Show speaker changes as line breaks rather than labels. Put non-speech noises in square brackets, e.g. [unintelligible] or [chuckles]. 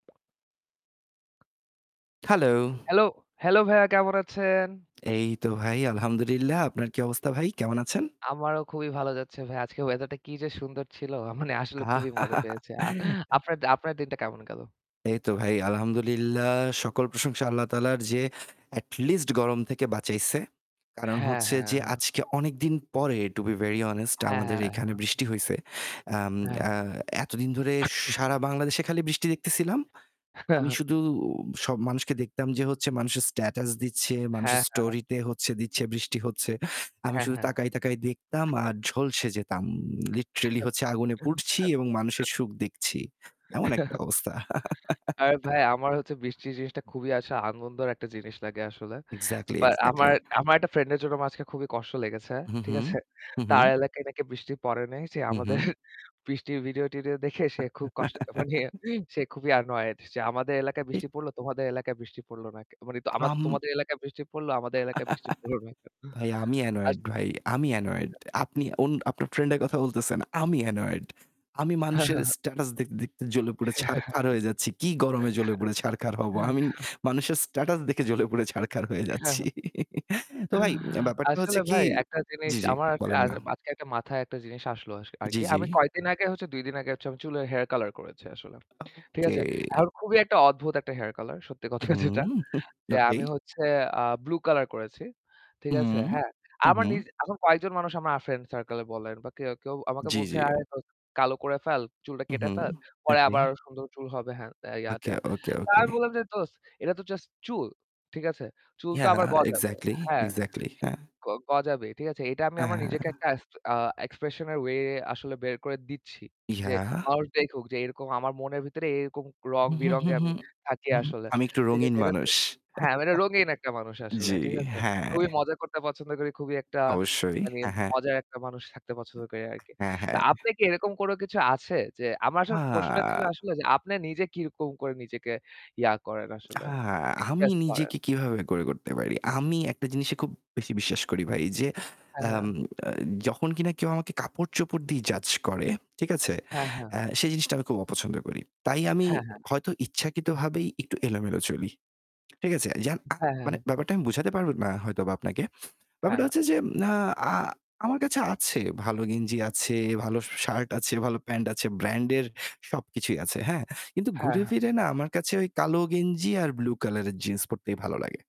Hello.
Hello hello ভাইয়া কেমন আছেন?
এই তো ভাই, আলহামদুলিল্লাহ। আপনার কি অবস্থা ভাই? কেমন আছেন?
আমারও খুবই ভালো যাচ্ছে ভাইয়া। আজকের ওয়েদার টা কি যে সুন্দর ছিল! মানে আসলে খুবই মজা পেয়েছি। আ
[laughs]
আপনার আপনার দিনটা কেমন গেল?
এইতো ভাই আলহামদুলিল্লাহ সকল প্রশংসা আল্লাহ তায়ালার যে এটলিস্ট গরম থেকে বাঁচাইছে। কারণ
হ্যাঁ,
হচ্ছে
হ্যাঁ,
যে
হ্যাঁ।
আজকে অনেকদিন পরে to be very honest
হ্যাঁ,
আমাদের
হ্যাঁ,
এইখানে
হ্যাঁ।
বৃষ্টি হইছে। আম আ
হ্যাঁ।
এতদিন ধরে
[coughs]
সারা বাংলাদেশে খালি বৃষ্টি দেখতেছিলাম।
হ্যাঁ,
আমি
হ্যাঁ।
শুধু সব মানুষকে দেখতাম যে হচ্ছে মানুষের স্ট্যাটাস দিচ্ছে, মানুষের
হ্যাঁ, হ্যাঁ।
স্টোরি তে হচ্ছে দিচ্ছে বৃষ্টি হচ্ছে। আমি
হ্যাঁ,
শুধু
হ্যাঁ।
তাকায়, তাকায় দেখতাম
[coughs]
আর ঝলসে যেতাম। লিটরেলি হচ্ছে আগুনে পুড়ছি এবং
[chuckles]
মানুষের সুখ দেখছি, এমন একটা
[chuckles]
অবস্থা।
আরে ভাই আমার হচ্ছে বৃষ্টি জিনিসটা
[laughs]
খুবই আসলে আনন্দর একটা জিনিস লাগে আসলে।
এক্সাক্টলি,
বা আমার
এক্সাক্টলি।
আমার একটা ফ্রেন্ডের জন্য আমার আজকে খুবই কষ্ট লেগেছে।
হুম,
ঠিক
হুম,
আছে?
হুম,
তার
হুম।
এলাকায় নাকি বৃষ্টি পড়ে নাই। সে
হুম,
আমাদের
হুম।
বৃষ্টির ভিডিও-টিডিও দেখে সে খুব কষ্ট মানে
[laughs]
সে খুবই annoyed যে "আমাদের এলাকায় বৃষ্টি
[unintelligible]
পড়ল, তোমাদের এলাকায় বৃষ্টি পড়ল না।" ক মানে আমা
আম
"তোমাদের এলাকায় বৃষ্টি পড়ল আমাদের এলাকায় বৃষ্টি পড়লো না কেন?"
[laughs] ভাই আমি
আস
annoyed ভাই আমি annoyed.
[unintelligible]
আপনি অন আপনার ফ্রেন্ডের কথা বলতেছেন, আমি annoyed আমি
হ্যাঁ,
মানুষের
হ্যাঁ, হ্যাঁ।
স্ট্যাটাস দেখতে, দেখতে জ্বলে পুড়ে ছারখার হয়ে যাচ্ছি। কি গরমে জ্বলে পুড়ে ছারখার হব? আমি
[laughs]
মানুষের স্ট্যাটাস দেখে জ্বলে পুড়ে ছারখার হয়ে
হ্যাঁ, হ্যাঁ।
যাচ্ছি। [laughs] তো ভাই অ্যা ব্যাপারটা হচ্ছে
আসলে
কি
ভাই একটা জিনিস
জ্বি, জ্বি
আমার
বলেন
আর
না?
আজকে একটা মাথায় একটা জিনিস আসলো আস
জ্বি,
আরকি।
জ্বি।
আমি কয়েকদিন আগে হচ্ছে ২ আগে হচ্ছে আমি চুলে হেয়ার কালার করেছি আসলে, ঠিক
ওকে।
আছে? এখন খুবই একটা অদ্ভুত একটা হেয়ার কলার সত্যি
হুম,
কথা যেটা।
হুম।
যে
[scoffs] ওকে।
আমি হচ্ছে আ ব্লু কালার করেছি, ঠিক
উম
আছে? হ্যাঁ?
হুম,
আমার
হুম।
নিজে এখন কয়েকজন মানুষ আমার ফ্রেন্ড সার্কেল বলেন বা কেউ, কেউ আমাকে
জ্বি,
বলছে
জ্বি।
"আরে দোস্ত কালো করে ফেল। চুলটা
হুম,
কেটে
হুম।
ফেল। পরে
ওকে।
আবার সুন্দর চুল হবে। হ্যান-তেন,
ওকে,
ইয়া-টিয়া।"
ওকে,
তা
ওকে।
আমি বললাম যে "দোস্ত, এটা তো জাস্ট চুল, ঠিক আছে? চুলতো
ইয়াহ,
আবার গজাবে,
এক্সাক্টলি,
হ্যাঁ?
এক্সাক্টলি।
ঠিক
হ্যাঁ।
গ গজাবেই। ঠিক আছে? এইটা আমি আমার নিজেকে
অ্যা
একটা এক্স অ্যা এক্সপ্রেশন এর ওয়ে আসলে বের করে দিচ্ছি। যে
ইয়াহ।
মানুষ দেখুক যে এরকম আমার মনের ভিতরে এরকম
হুম, হুম,
রং-বিরঙে
হুম,
আমি
হুম,
থাকি
হুম।
আসলে।"
আমি একটু
ঠিক
রঙিন
আছে? এটাতে
মানুষ।
হ্যাঁ, আমি একটা রঙীন একটা
[laughs]
মানুষ আসলে,
জ্বি,
ঠিক আছে?
হ্যাঁ।
খুবই মজা করতে পছন্দ করি। খুবই একটা
অবশ্যই।
মানে
হ্যাঁ, হ্যাঁ।
মজার একটা মানুষ থাকতে পছন্দ করি আরকি।
উম
তো
হ্যাঁ, হ্যাঁ।
আপনি কি এরকম কোনো কিছু আছে যে আমার আসলে প্রশ্নটা ছিল
আ
আসলে যে আপনি নিজে কিরকম করে নিজেকে ইয়া করেন
আ
আসলে?
আমি
এক্সপ্রেস করেন?
নিজেকে কীভাবে করে করতে পারি? আমি একটা জিনিসে খুব বেশি বিশ্বাস করি ভাই যে
হ্যাঁ,
আম
হ্যাঁ।
আ যখন কিনা কেউ আমাকে কাপড়-চোপড় দিয়ে জাজ করে, ঠিক আছে?
হ্যাঁ, হ্যাঁ।
অ্যা সে জিনিসটা আমি খুব অপছন্দ করি। তাই আমি
হ্যাঁ, হ্যাঁ।
হয়তো ইচ্ছাকৃতভাবেই একটু এলোমেলো চলি, ঠিক আছে? যেমন আ
হ্যাঁ, হ্যাঁ,
মানে
হ্যাঁ।
ব্যাপারটা আমি বুঝাতে পারব না হয়তোবা আপনাকে।
হ্যাঁ,
ব্যাপারটা
হ্যাঁ।
হচ্ছে যে আ আ আমার কাছে আছে, ভালো গেঞ্জি আছে, ভালো শার্ট আছে, ভাল প্যান্ট আছে, ব্র্যান্ডের সবকিছুই আছে, হ্যাঁ? কিন্তু
হ্যাঁ,
ঘুরে
হ্যাঁ।
ফিরে না আমার কাছে ওই কালো গেঞ্জি আর ব্লু কালারের জিন্স পড়তেই ভালো লাগে।